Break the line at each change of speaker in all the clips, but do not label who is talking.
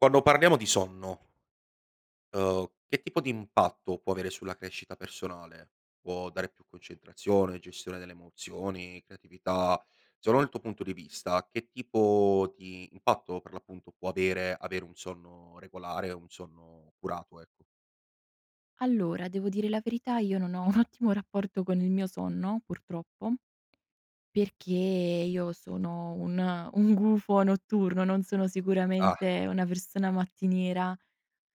Quando parliamo di sonno uhm, che tipo di impatto può avere sulla crescita personale? Può dare più concentrazione, gestione delle emozioni, creatività? Secondo il tuo punto di vista che tipo di impatto per l'appunto può avere, avere un sonno regolare, un sonno curato, ecco?
Allora, devo dire la verità io non ho un ottimo rapporto con il mio sonno, purtroppo, perché io sono un un gufo notturno, non sono
Ah.
sicuramente una persona mattiniera.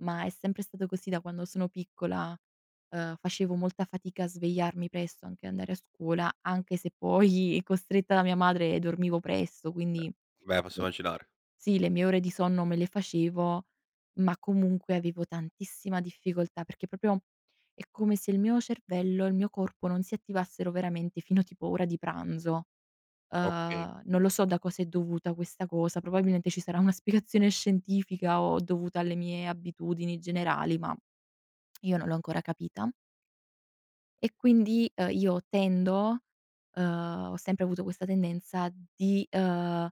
Ma è sempre stato così da quando sono piccola: ehm, facevo molta fatica a svegliarmi presto, anche andare a scuola anche se poi costretta da mia madre dormivo presto,
Ehm,
quindi
beh, posso
le
immaginare.
sì le mie ore di sonno me le facevo, ma comunque avevo tantissima difficoltà, perché proprio è come se il mio cervello e il mio corpo non si attivassero veramente fino a tipo ora di pranzo.
Okay.
Ehm, non lo so da cosa è dovuta questa cosa, probabilmente ci sarà una spiegazione scientifica o dovuta alle mie abitudini generali, ma io non l'ho ancora capita. E quindi, uhm, io tendo, uhm ho sempre avuto questa tendenza di, uhm,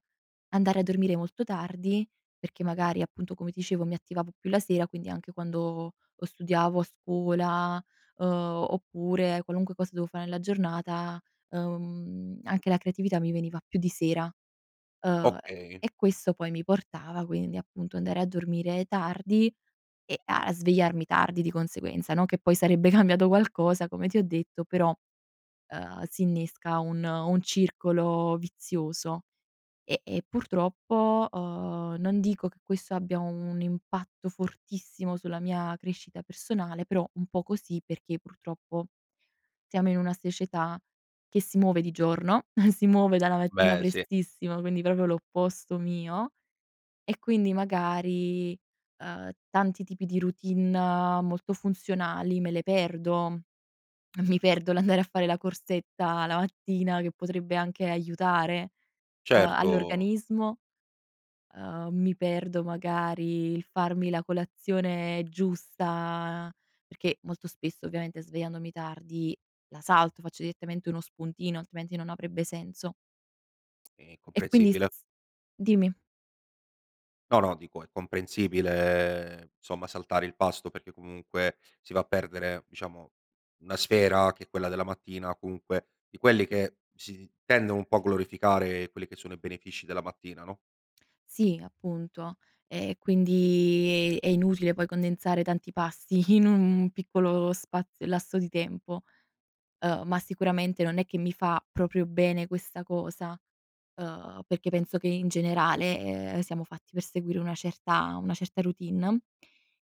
andare a dormire molto tardi, perché magari appunto come dicevo mi attivavo più la sera, quindi anche quando o studiavo a scuola, uhm, oppure qualunque cosa devo fare nella giornata, uhm, anche la creatività mi veniva più di sera, ehm
Okay.
e questo poi mi portava quindi, appunto, andare a dormire tardi e a svegliarmi tardi di conseguenza, no, che poi sarebbe cambiato qualcosa come ti ho detto, però, uhm, s'innesca un un circolo vizioso. E e purtroppo, uhm, non dico che questo abbia un impatto fortissimo sulla mia crescita personale, però un po' così perché purtroppo siamo in una società che si muove di giorno, si muove dalla mattina
Beh, sì.
prestissimo quindi proprio l'opposto mio, e quindi magari, uhm, tanti tipi di routine molto funzionali me le perdo: mi perdo l'andare a fare la corsetta la mattina che potrebbe anche aiutare, uhm,
Certo.
all'organismo, uhm, mi perdo magari il farmi la colazione giusta perché molto spesso, ovviamente svegliandomi tardi, la salto, faccio direttamente uno spuntino altrimenti non avrebbe senso.
È
E quindi s
comprensibile.
s dimmi?
No, no, dico è comprensibile, somma saltare il pasto perché comunque si va a perdere, diciamo, una sfera che è quella della mattina comunque, di quelli che si tendono un po' a glorificare quelli che sono i benefici della mattina, no?
Sì, appunto. E e quindi è è inutile poi condensare tanti pasti in un piccolo spazio lasso di tempo; uhm, ma sicuramente non è che mi fa proprio bene questa cosa, ehm, perché penso che in generale, ehm, siamo fatti per seguire una certa una certa routine.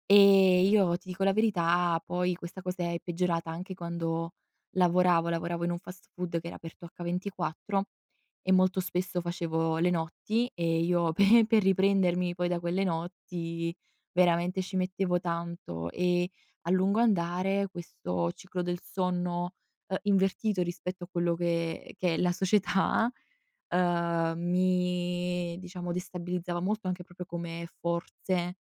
Ehm, io ti dico la verità, poi questa cosa è peggiorata anche quando lavoravo, lavoravo in un fast food che era aperto H24 e molto spesso facevo le notti e io pe per riprendermi poi da quelle notti veramente ci mettevo tanto e, a lungo andare, questo ciclo del sonno, ehm, invertito rispetto a quello che che è la società, ehm, mi diciamo destabilizzava molto anche proprio come forze,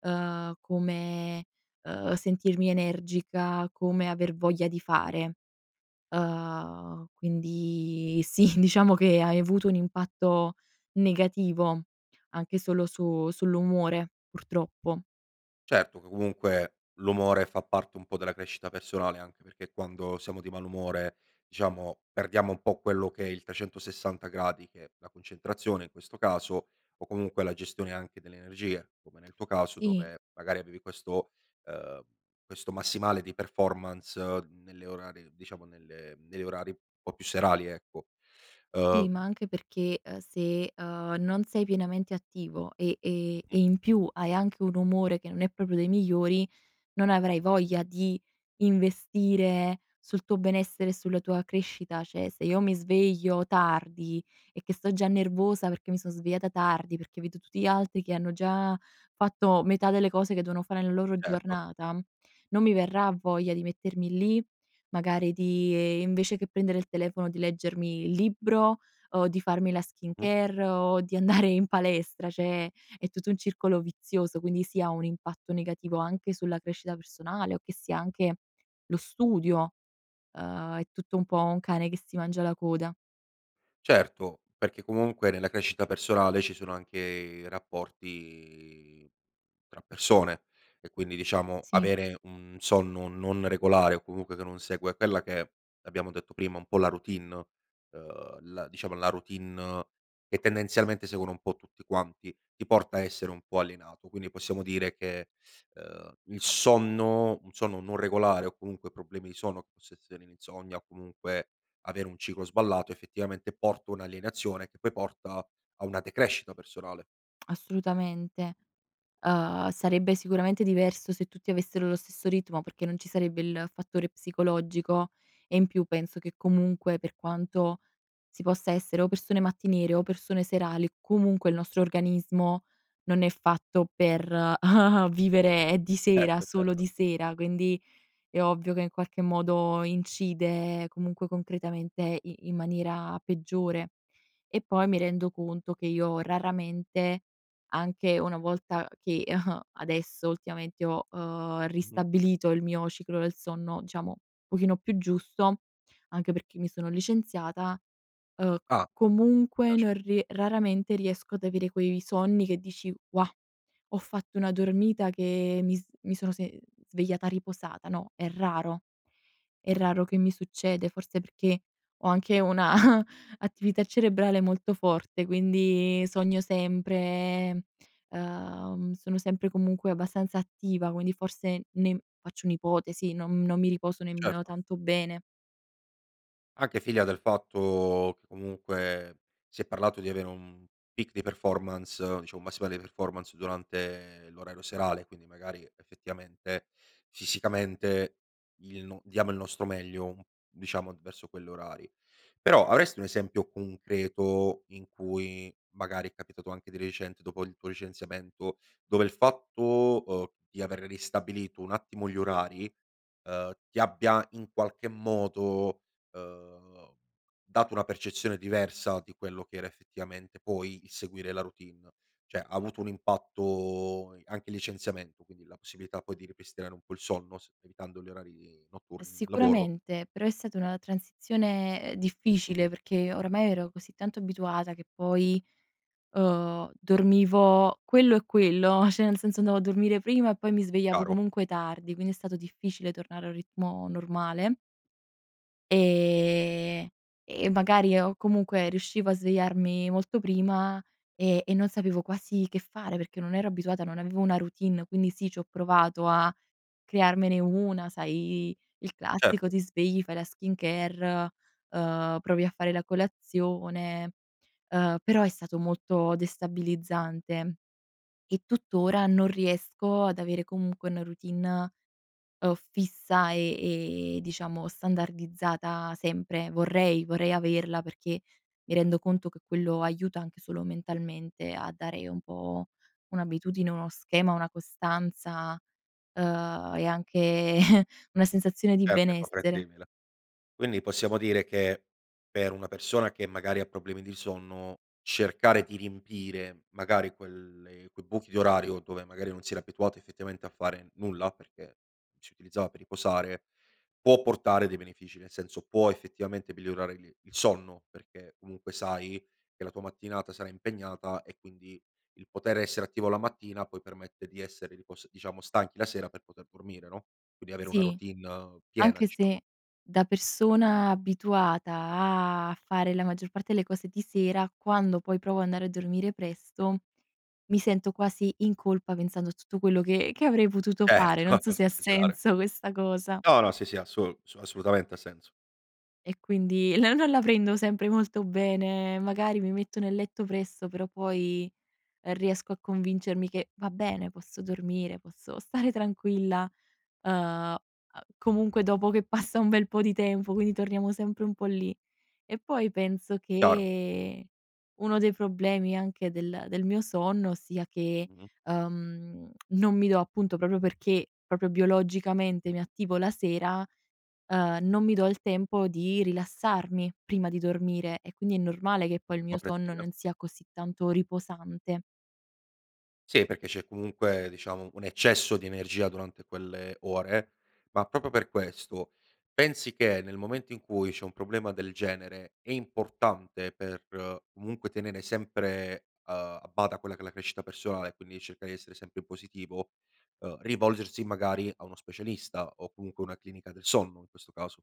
uhm, come, uhm, sentirmi energica, come aver voglia di fare. Uhm, quindi sì, diciamo che ha, ehm, avuto un impatto negativo anche solo su sull'umore, purtroppo.
Certo, comunque l'umore fa parte un po' della crescita personale anche perché quando siamo di malumore, diciamo, perdiamo un po' quello che è il 360 gradi che è la concentrazione in questo caso, o comunque la gestione anche delle energie, come nel tuo caso
Sì.
dove magari avevi questo, ehm questo massimale di performance nelle orari diciamo nelle negli orari un po' più serali, ecco.
Sì, ma
Ehm
anche perché, uhm, se, uhm, non sei pienamente attivo e e
Mh-mh.
e in più hai anche un umore che non è proprio dei migliori, non avrai voglia di investire sul tuo benessere, sulla tua crescita. Cioè se io mi sveglio tardi e che sto già nervosa perché mi son svegliata tardi, perché vedo tutti gli altri che hanno già fatto metà delle cose che devono fare nella loro
Certo.
giornata, non mi verrà voglia di mettermi lì, magari di, ehm, invece che prendere il telefono di leggermi il libro, o di farmi la
Mh-mh.
skincare, o di andare in palestra; cioè è tutto un circolo vizioso, quindi sì ha un impatto negativo anche sulla crescita personale o che sia anche lo studio. Uhm, è tutto un po' un cane che si mangia la coda.
Certo, perché comunque nella crescita personale ci sono anche i rapporti tra persone e quindi diciamo
Sì.
avere un sonno non regolare o comunque che non segue quella che è, abbiamo detto prima, un po' la routine, uhm, la diciamo la routine che tendenzialmente seguono un po' tutti quanti, ti porta a essere un po' alienato. Quindi possiamo dire che, ehm, il sonno un sonno non regolare o comunque problemi di sonno, possa essere l'insonnia o comunque avere un ciclo sballato, effettivamente porto un'alienazione che poi porta a una decrescita personale.
Assolutamente. Uhm, sarebbe sicuramente diverso se tutti avessero lo stesso ritmo perché non ci sarebbe il fattore psicologico e in più penso che comunque, per quanto si possa essere o persone mattiniere o persone serali, comunque il nostro organismo non è fatto per vivere di sera
Certo,
solo
certo.
di sera, quindi è ovvio che in qualche modo incide comunque concretamente i in maniera peggiore. E poi mi rendo conto che io raramente, anche una volta che adesso ultimamente ho, uhm,
Mh-mh.
ristabilito il mio ciclo del sonno diciamo, pochino più giusto, anche perché mi sono licenziata, uhm,
Ah!
comunque
Piace.
non rie raramente riesco ad avere quei sonni che dici: "Wah! Ho fatto una dormita che, mi s mi sono se mhmm, svegliata riposata", no; è raro è raro che mi succede forse perché ho anche una attività cerebrale molto forte quindi sogno sempre, uhm, sono sempre comunque abbastanza attiva quindi forse ne faccio un'ipotesi non non mi riposo nemmeno
Certo.
tanto bene.
Anche figlia del fatto, che comunque, si è parlato di avere un peak di performance diciamo un massimale performance durante l'orario serale e quindi magari effettivamente fisicamente il no diamo il nostro meglio, mhmm, diciamo verso quell'orari. Però avresti un esempio concreto in cui magari è capitato anche di recente dopo il tuo licenziamento, dove il fatto, uhm, di aver ristabilito un attimo gli orari, ehm, ti abbia in qualche modo, uhm, dato una percezione diversa di quello che era effettivamente poi il seguire la routine. Cioè ha avuto un impatto i anche licenziamento quindi la possibilità poi di ripristinare un po' il sonno semplificando gli orari notturni nel lavoro?
Sicuramente, però è stata una transizione, uhm, difficile
Mh-mh.
perché oramai ero così tanto abituata che poi, uhm, dormivo quello e quello, cioè nel senso andavo a dormire prima e poi mi svegliavo
Chiaro.
comunque tardi, quindi è stato difficile tornare a un ritmo normale. Ehm, e magari o comunque riuscivo a svegliarmi molto prima e e non sapevo quasi che fare, perché non ero abituata, non avevo una routine. Quindi sì, c'ho provato a crearmene una, sai i il classico
Certo.
ti svegli, fai la skincare, uhm, provi a fare la colazione, uhm, però è stato molto destabilizzante. E tuttora non riesco ad avere comunque una routine, uhm, fissa, e, ehm, diciamo standardizzata sempre. Vorrei vorrei averla perché mi rendo conto che quello aiuta anche solo mentalmente a dare un po' un'abitudine, uno schema, una costanza, uhm, e anche una sensazione di
Certo è
benessere.
comprensibile. Quindi possiamo dire che per una persona che magari ha problemi di sonno cercare di riempire magari quelle quei buchi di orario dove magari non si era abituato effettivamente a fare nulla, perché si utilizzava per riposare, può portare dei benefici, nel senso può effettivamente migliorare il il sonno perché comunque sai che la tua mattinata sarà impegnata e quindi il poter essere attivo la mattina poi permette di essere ripos diciamo stanchi la sera per poter dormire, no, quindi avere una
Sì.
routine, uhm, piena
Anche
diciamo.
se da persona abituata a fare la maggior parte delle cose di sera, quando poi provo andare a dormire presto, mi sento quasi in colpa pensando tutto quello che che avrei potuto fare.
Certo.
Non so se ha
[unintelligible]
senso questa cosa.
No, no, sì, sì assol su assolutamente ha senso.
E quindi no non la prendo sempre molto bene, magari mi metto nel letto presto però poi, uhm, riesco a convincermi che: "Va bene, posso dormire, posso stare tranquilla". Uhm, uhm, comunque dopo che passa un bel po' di tempo quindi torniamo sempre un po' lì. E poi penso
Chiaro.
che uno dei problemi anche del del mio sonno sia che,
Mh-mh.
uhm, non mi do appunto proprio perché, proprio biologicamente mi attivo la sera, ehm, non mi do il tempo di rilassarmi prima di dormire e quindi è normale che poi il mio sonno
Comprensibile.
non sia così tanto riposante.
Sì, perché c'è comunque, diciamo, un eccesso di energia durante quelle ore; ma proprio per questo pensi che nel momento in cui c'è un problema del genere è importante per comunque tenere sempre, uhm, a bada quella che è la crescita personale e quindi cercare di essere sempre positivo, uhm, rivolgersi magari a uno specialista o comunque una clinica del sonno in questo caso?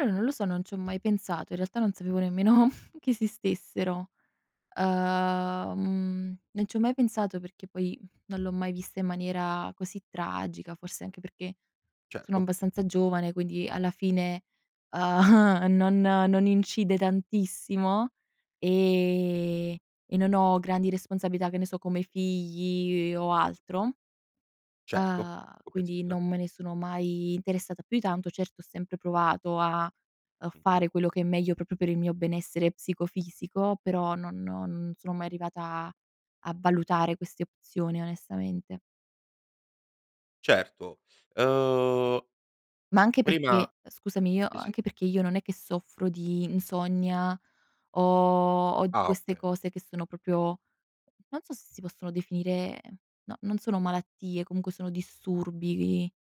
Eh, non lo so, non ci ho mai pensato, in realtà non sapevo nemmeno che esistessero. Uhm, non ci ho mai pensato perché poi, mhmm, non l'ho mai vista in maniera così tragica, forse anche perché sono
Certo.
abbastanza giovane quindi alla fine, uhm, non non incide tantissimo, ehm, e non ho grandi responsabilità, che ne so, come i figli e o altro
Certo,
uhm, quindi
comprensibile.
non me ne sono mai interessata più di tanto, certo ho sempre provato a, uhm,
Mh-mh.
fare quello che è meglio proprio per il mio benessere psicofisico, però no non sono mai arrivata a valutare queste opzioni onestamente.
Certo, uhm
Ma anche
prima
perché scusami, io
sì, sì.
anche perché io non è che soffro di insonnia o o di
Ah,
queste
okay.
cose che sono proprio, non so se si possono definire no, non sono malattie comunque sono disturbi vi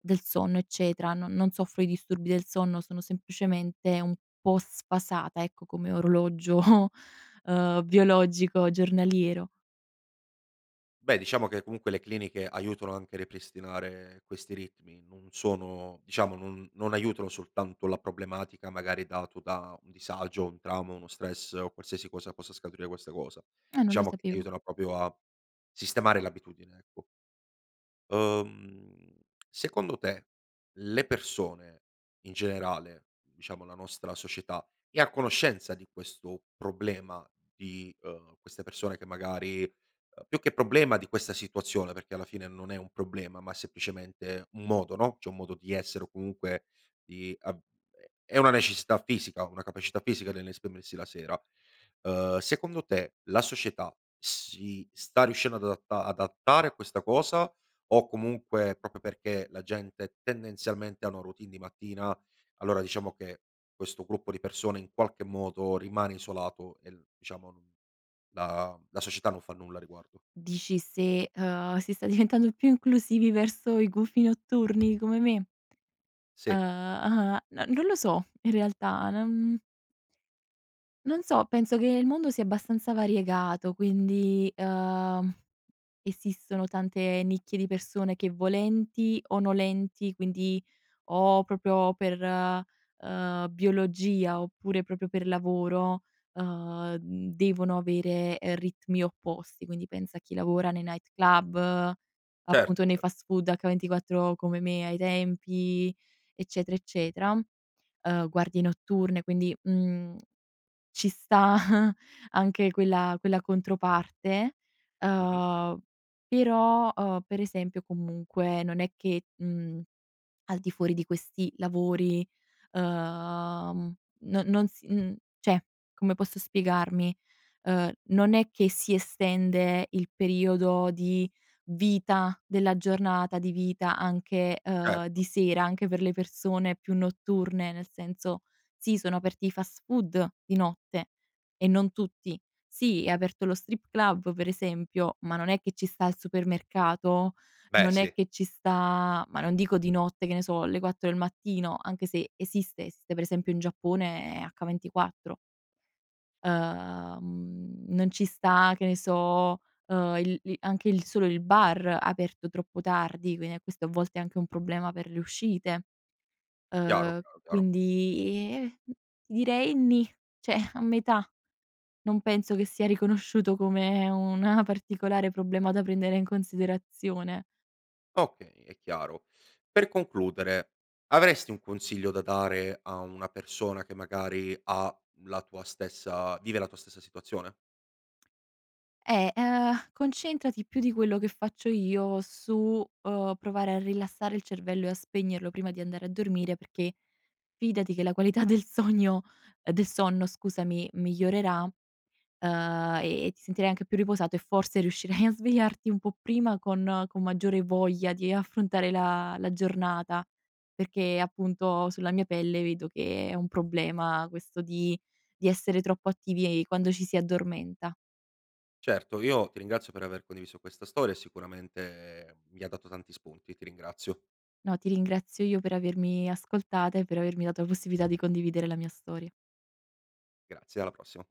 del sonno eccetera, non non soffro di disturbi del sonno, sono semplicemente un po' sfasata ecco, come orologio, ehm, biologico giornaliero.
Beh, diciamo che comunque le cliniche aiutano anche a ripristinare questi ritmi. Non sono diciamo non non aiutano soltanto la problematica magari dato da un disagio, un trauma, uno stress o qualsiasi cosa possa scaturire questa cosa.
Ah, non lo
Diciamo che
sapevo.
aiutano proprio a sistemare l'abitudine, ecco. Uhm, secondo te le persone in generale, diciamo la nostra società, è a conoscenza di questo problema? Di, uhm, queste persone che magari, uhm, più che problema di questa situazione perché alla fine non è un problema ma semplicemente un modo, no, cioè un modo di essere o comunque di av è è una necessità fisica, una capacità fisica nell'esprimersi la sera. Ehm, secondo te la società si sta riuscendo ad adatta adattare a questa cosa o comunque, proprio perché la gente tendenzialmente hanno routine di mattina, allora diciamo che questo gruppo di persone in qualche modo rimane isolato e l diciamo non la la società non fa nulla a riguardo?
Dici se, uhm, si sta diventando più inclusivi verso i gufi notturni, come me?
Sì.
Uhm uhm, no non lo so in realtà, non non so penso che il mondo sia abbastanza variegato, quindi, uhm, esistono tante nicchie di persone che volenti o nolenti, quindi o proprio per, ehm, biologia oppure proprio per lavoro, ehm, mhmm, devono avere, ehm, ritmi opposti quindi pensa a chi lavora nei night club, appunto
Certo,
nei
cer
fast food H24, come me ai tempi, eccetera, eccetera; uhm, guardie notturne quindi, mhmm, ci sta anche quella quella controparte.
Mh-mh.
Uhm, però, uhm, per esempio comunque non è che, mhmm, al di fuori di questi lavori, ehm, non non s mhmm, cioè, come posso spiegarmi, ehm, non è che si estende il periodo di vita della giornata di vita anche, uhm,
Certo.
di sera anche per le persone più notturne; nel senso, sì, sono aperti i fast food di notte e non tutti; sì, è aperto lo strip club per esempio, ma non è che ci sta il supermercato,
Beh,
non è
sì.
che ci sta ma non dico di notte che ne so le 4 del mattino, anche se esistesse, per esempio in Giappone è H24. Ehm, non ci sta, che ne so, uhm, il lì anche il solo il bar aperto troppo tardi, quindi a questo a volte è anche un problema per le uscite.
Chiaro,
Ehm,
chiaro, chiaro.
quindi i, ehm ti direi nì, cioè a metà. Non penso che sia riconosciuto come una particolare problema da prendere in considerazione.
Okay è chiaro. Per concludere avresti un consiglio da dare a una persona che magari, ha la tua stessa vive la tua stessa situazione?
Eh, ehm, concentrati più di quello che faccio io su, uhm, provare a rilassare il cervello e a spegnerlo prima di andare a dormire perché fidati che la qualità del sogno ehm, del sonno scusami, migliorerà, ehm, e ti sentirai anche più riposato e forse riuscirai a svegliarti un po' prima con con maggiore voglia di affrontare la la giornata; perché appunto sulla mia pelle vedo che è un problema questo di di essere troppo attivi e quando ci si addormenta.
Certo, io ti ringrazio per aver condiviso questa storia e sicuramente, mi ha dato tanti spunti, ti ringrazio.
No, ti ringrazio io per avermi ascoltata e per avermi dato possibilità di condividere la mia storia.
Grazie, alla prossima.